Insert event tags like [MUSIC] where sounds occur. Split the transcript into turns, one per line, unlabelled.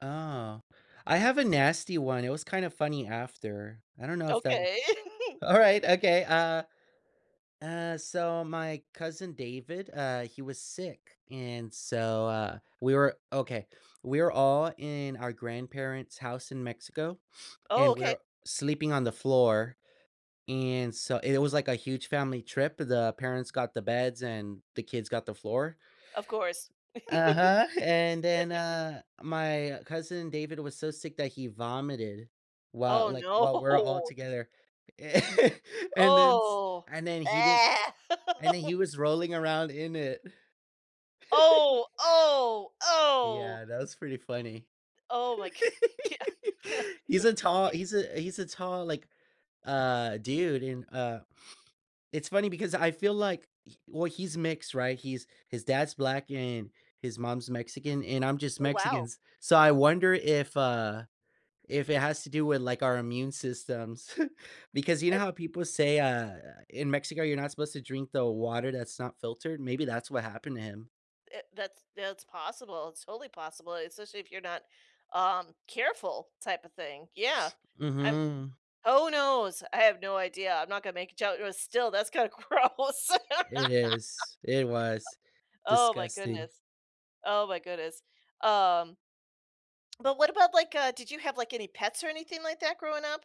Oh, I have a nasty one, it was kind of funny after. I don't know if that
Okay. [CHUCKLES]
alright, okay, uh uh, so my cousin David, uh, he was sick, and so, uh, we were okay, we were all in our grandparents' house in Mexico, [SNIFFS]
Oh,
and
okay.
we're sleeping on the floor, and so it was like a huge family trip, the parents got the beds and the kids got the floor.
Of course. [LAUGHS]
Uh-huh, and then, uh, my cousin David was so sick that he vomited, while
Oh
like, while we're all
no.
together, [CHUCKLES] and then s
Oh,
and then he didn't
ah.
and then
[LAUGHS]
he was rolling around in it. [LAUGHS]
Oh, oh, oh.
Yeah, that was pretty funny.
Oh my god,
[LAUGHS]
yea
He's a tall
yeah
he's a he's a tall, like, uh, dude, and, uh, [SNIFFS] it's funny because I feel like well, he's mixed, right, he's his dad's black, and his mom's Mexican, and I'm just
Oh
Mexican,
wow.
s so I wonder if uh, if it has to do with, like, our immune systems, because you know
[UNINTELLIGIBLE]
how people say, uh, in Mexico, you're not supposed to drink the water that's not filtered, maybe that's what happened to him.
It that's that's possible it's totally possible, especially if you're not, um, careful type of thing, yeah, I'm
Mhm.
who knows? I have no idea. I'm not gonna make a jok but still, that's kinda gross.
It
[LAUGHS]
is it was
Oh my
disgusting.
goodness oh my goodness, um But what about like, uh did you have like any pets or anything like that growing up?